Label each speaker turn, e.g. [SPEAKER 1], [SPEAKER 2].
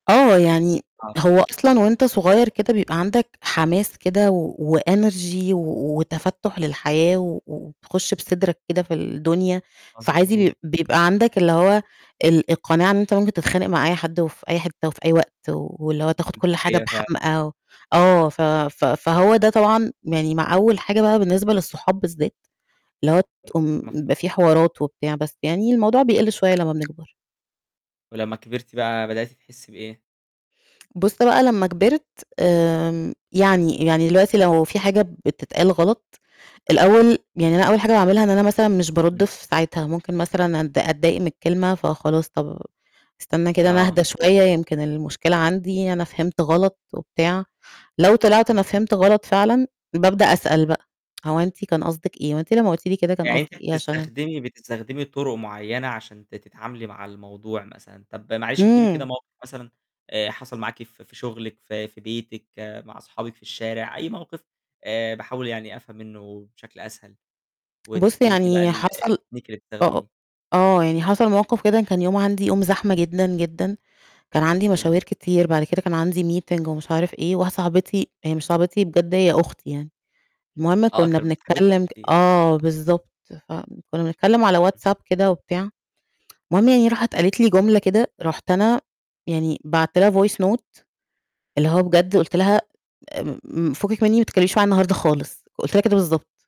[SPEAKER 1] آه، يعني
[SPEAKER 2] آه
[SPEAKER 1] هو
[SPEAKER 2] فهمتِك ه
[SPEAKER 1] أصلًا وأنت صغيّر كده بيبقى عندك حماس كده و وenergy و وتفتُّح للحياة و وتخش بصدرك كده في الدنيا، فعادي
[SPEAKER 2] مضبوط
[SPEAKER 1] بي بيبقى عندك اللي هو ال القناعة إن أنت ممكن تتخانق مع أي حد في أي حتة في أي وقت واللي هو تاخد
[SPEAKER 2] دي
[SPEAKER 1] كل حاجة
[SPEAKER 2] حقيقة فعلًا.
[SPEAKER 1] بحمأه آه، ف ف فهو ده طبعًا يعني مع أول حاجة بقى بالنسبة للصحاب بالذات اللي هو
[SPEAKER 2] م
[SPEAKER 1] تقوم
[SPEAKER 2] مفهو
[SPEAKER 1] بيبقى في حوارات وبتاع بس يعني الموضوع بيقِل شوية لمّا بنكبر.
[SPEAKER 2] ولمّا كبرتِ بقى بدأتِ تحسي بإيه؟
[SPEAKER 1] بُصّ بقى لمّا كبرت آمم، يعني يعني دلوقتي لو في حاجة بتتقال غلط، الأول يعني أنا أول حاجة باعملها إن أنا مثلًا مش بارُد
[SPEAKER 2] إمم.
[SPEAKER 1] في ساعتها ممكن مثلًا أتض أتضايق من الكلمة فخلاص طب أستنى كده أنا
[SPEAKER 2] آه
[SPEAKER 1] أهدا شوية يمكن المشكلة عندي أنا فهمت غلط وبتاع، لو طلعت
[SPEAKER 2] اهم.
[SPEAKER 1] أنا فهمت غلط فعلًا بأبدأ أسأل بقى: هو أنتِ كان قصدِك إيه، هو أنتِ لمّا قلتِ لي كده كان
[SPEAKER 2] يعني أنتِ
[SPEAKER 1] قصدِك إيه عشان
[SPEAKER 2] بتستخدمي بتستخدمي طُرق معيّنة عشان ت تتعاملي مع الموضوع مثلًا. طب معلش ادّي لي كده
[SPEAKER 1] امم.
[SPEAKER 2] موقِف مثلًا آآ، حصل معاكِ في في شغلِك في في بيتِك مع صحابِك في الشارع أي موقِف آآ، باحاول يعني أفهم منه بشكل أسهل،
[SPEAKER 1] بُصّ
[SPEAKER 2] وتحكي لي فيه بقى
[SPEAKER 1] يعني
[SPEAKER 2] ال
[SPEAKER 1] حصل
[SPEAKER 2] الtechnique اللي
[SPEAKER 1] أ أ
[SPEAKER 2] بتستخدميه
[SPEAKER 1] آه، يعني حصل مواقف كده كان يوم عندي يوم زحمة جدًا، جدًا، كان عندي
[SPEAKER 2] حلو.
[SPEAKER 1] مشاوير كتير بعد كده كان عندي meeting ومش عارف إيه، واحدة صاحبتي هي مش صاحبتي بجد هي أختي يعني، المهم
[SPEAKER 2] آه
[SPEAKER 1] كنا
[SPEAKER 2] أكتر من صاحبتِك
[SPEAKER 1] بنتكلم ك
[SPEAKER 2] بكتير.
[SPEAKER 1] آه بالضبط، فكُنا بنتكلم على WhatsApp كده وبتاع، المهم يعني راحت قالت لي جملة كده، رُحت أنا يعني بعتت لها voice note اللي هو بجد قُلت لها: امم، "فكِك مني وما تتكلميش معايا النهارده خالص"، قُلت لها كده بالضبط.